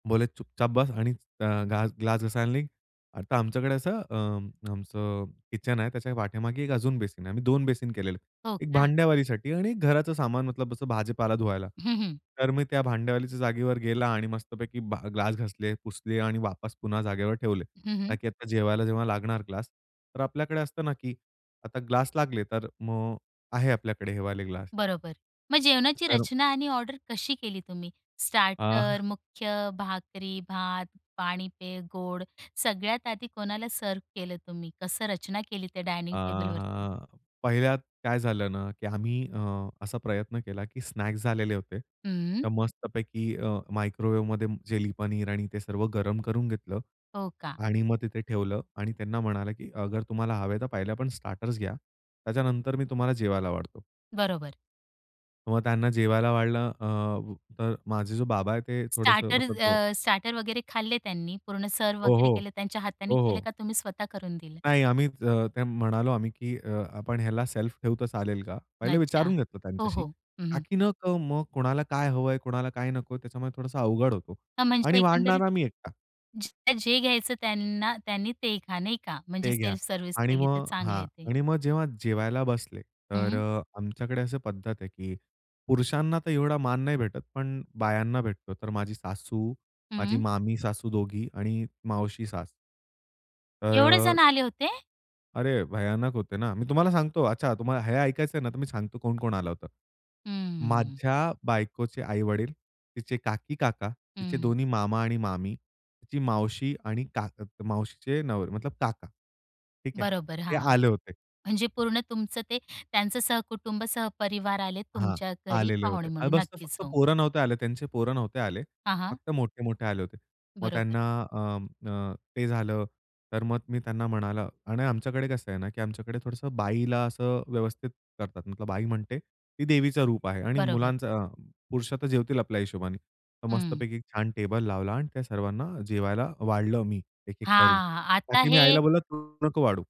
बोलले, "चूपचाप बस आणि अ, ग्ला ग्लास घासायला निघ." आता आमच्याकडे असं अ, आमचं किचन आहे, त्याच्या पाठीमागे एक अजून बेसिन आहे. आम्ही 2 बेसिन केलेले, हो एक का. भांड्यावालीसाठी आणि घराचं सामान मतलब भाजीपाला धुवायला, हं, हं. तर मी त्या भांड्यावालीच्या जागेवर गेला आणि मस्तपैकी भा ग्लास घासले, पुसले आणि वापस पुन्हा जागेवर ठेवले. हं, हं. ताकी आता जेवायला जेव्हा लागणार ग्लास, तर आपल्याकडे असतं ना, की आता ग्लास लागले, तर मग आहे आपल्याकडे हे वाले ग्लास. बरोबर, मग जेवणाची तर रचना आणि ऑर्डर कशी केली तुम्ही. अ स्टार्टर, मुख्य भाकरी, भात, पाणी, पेय, गोड, सगळ्यात आधी कोणाला सर्व्ह केलं तुम्ही, कसं रचना केली त्या अ, डायनिंग टेबलवरती? हां. पहिल्यात काय झालं ना, की आम्ही अ, असा प्रयत्न केला की स्नॅक्स झालेले होते. हं. तर मस्तपैकी अ, मायक्रोवेव्हमध्ये चिली पनीर आणि ते सर्व गरम करून घेतलं हो का. आणि मग तिथे ठेवलं आणि त्यांना म्हटलं की "अगर तुम्हाला हवंय, तर पहिले आपण स्टार्टर्स घ्या. त्याच्यानंतर मी तुम्हाला जेवायला वाढतो." बरोबर. मग त्यांना जेवायला वाढलं अ, अ, माझे जो बाबा आहेत, ते थोडंसं स्टार्टर मतलब अ अ, स्टार्टर वगैरे खाल्ले त्यांनी, पूर्ण सर्व्ह हो, वगैरे हो. केले, त्यांच्या हाताने हो, केले हो. का तुम्ही स्वतः करून दिलं? नाही, आम्ही ज ते म्हणालो आम्ही की अ, "आपण ह्याला सेल्फ ठेवू तर चालेल का?" पहिले अच्छा, विचारून घेतलं हो, त्यांच्याशी, हो. हं. हं. ताकी न क मग कोणाला काय हवंय, कोणाला काय नकोय? त्याच्यामुळे थोडासा अवघड होतो अ, म्हणजे आणि एकंदरीत, वाढणारा मी एकटा. जे जे घ्यायचं त्यांना, त्यांनी ते खा, नाही का? म्हणजे ते घ्या सेल्फ सर्व्हिस आणि केली तर मग हां, चांगलंय ते. आणि मग जेव्हा जेवायला बसले, तर हं. अ, आमच्याकडे अशी पद्धत आहे की पुरुषांना तर एवढा मान नाही भेटत, पण बायांना भेटतो. तर माझी सासू, माझी हं. मामी सासू दोघी आणि मावशी सास. तर एवढे जण अ आले होते? अरे भयानक होते ना. मी तुम्हाला सांगतो अच्छा, तुम्हाला हे ऐकायचंय ना, तर मी सांगतो कोण-कोण आलं होतं. हम्म. माझ्या बायकोचे आई-वडील, तिचे काकी-काका, तिचे हं. दोन्ही मामा आणि मामी, तिची मावशी आणि काक मावशीचे नवरे, मतलब काका. ठीक आहे बरोबर, ते हां. आले होते. म्हणजे पूर्ण तुमचं ते त्यांचं सहकुटुंब सहपरिवार आले हां, तुमच्या घरी आलेले पाहुणे होते आणि म्हणून. बस नक्कीच, फक्त हो. पोरं नव्हते आले, त्यांचे पोरं नव्हते आले. हां, हां. फक्त मोठे-मोठे आले होते. मग बरोबर. त्यांना अ, अ, ते झालं, तर मग मी त्यांना म्हणाल आणि आमच्याकडे कसं आहे ना की आमच्याकडे थोडंसं बाईला असं व्यवस्थित करतात, मतलब बाई म्हणजे ती देवीचं रूप आहे आणि बरोबर. मुलांचं अ, पुरुष तर जेवतील आपल्या हिशोबाने. तर हं. मस्तपैकी छान टेबल लावला आणि त्या सर्वांना जेवायला वाढलं मी एक, एक करून. हां, आता ताकी मी आईला हे बोललो, "तू नको वाढू."